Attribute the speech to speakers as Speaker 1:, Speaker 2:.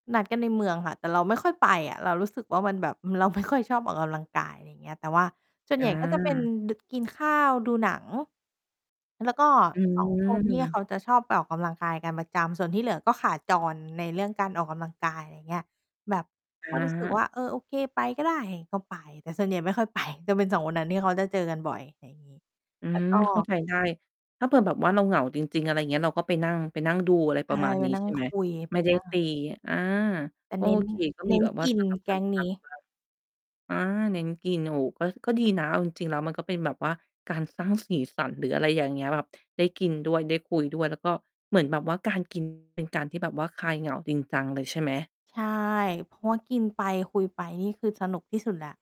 Speaker 1: นัดกันในเมืองค่ะ แต่เราไม่ค่อยไปอะ เรารู้สึกว่า มันแบบ เราไม่ค่อยชอบออกกำลังกาย ไรเงี้ย แต่ว่าส่วน
Speaker 2: จ
Speaker 1: ให
Speaker 2: ้
Speaker 1: ญ่ก็จะเป็น
Speaker 2: ะ
Speaker 1: ด กินข้าว ดูหนัง แล้วก็
Speaker 2: อื
Speaker 1: 2 คนที่เข
Speaker 2: ม
Speaker 1: าจะชอบไปออกกำลังกายกันประจำ ส่วนที่เหลือก็ขาจรในเรื่องการออกกำลังกาย ไรเงี้ย แบบ
Speaker 2: อ
Speaker 1: ก็รู้สึก ว
Speaker 2: า
Speaker 1: ่า เออ โอเค ไปก็ได้ ก็ไป แต่ส่วนใหญ่ไม่ค่อยไป จะเป็น 2 คนนั้นที่เขาจะเจอกันบ่อย อะไรงี้
Speaker 2: อื
Speaker 1: แล้ว
Speaker 2: ม
Speaker 1: ก็
Speaker 2: เข้าใจ ได้ ถ้าเผื่อแบบว่าเราเหงาจริง ๆ อะไรเงี้ย เราก็ไปนั่ง ไป นั่งดู อะไร
Speaker 1: ใช
Speaker 2: ป
Speaker 1: ่
Speaker 2: ระมาณ
Speaker 1: ไป
Speaker 2: นี้
Speaker 1: นั่
Speaker 2: ใ
Speaker 1: ง
Speaker 2: ช่ไห
Speaker 1: ค
Speaker 2: ม?
Speaker 1: ุย
Speaker 2: ไ
Speaker 1: ไ
Speaker 2: ม
Speaker 1: ป
Speaker 2: ่ได้
Speaker 1: นั่ง
Speaker 2: ต
Speaker 1: ไร
Speaker 2: ี อา
Speaker 1: แต
Speaker 2: ก
Speaker 1: ่
Speaker 2: ็
Speaker 1: เน
Speaker 2: โ
Speaker 1: ้
Speaker 2: อ
Speaker 1: น
Speaker 2: เค ก็
Speaker 1: เ
Speaker 2: ม
Speaker 1: น
Speaker 2: ี
Speaker 1: ้น
Speaker 2: แบบว่า
Speaker 1: กิ
Speaker 2: ส
Speaker 1: น
Speaker 2: ลับ
Speaker 1: แ
Speaker 2: ก
Speaker 1: ก
Speaker 2: ัน
Speaker 1: ๊ง
Speaker 2: พ
Speaker 1: น
Speaker 2: ั
Speaker 1: ี
Speaker 2: ก
Speaker 1: ้
Speaker 2: บ้าง อา เน้นกิน โอ้ ก็ ก็ดีนะ เอาจริง ๆ แล้วมันก็เป็นแบบว่าการสร้างสีสันหรืออะไรอย่างเงี้ย แบบ ได้กินด้วย ได้คุยด้วย แล้วก็เหมือนแบบว่าการ กิน เป็นการที่แบบว่าคลายเหงาจริงจังเลย ใช่ไหม?
Speaker 1: ใช่ เพราะว่ากินไปคุยไป นี่คือสนุกที่สุดแล้ว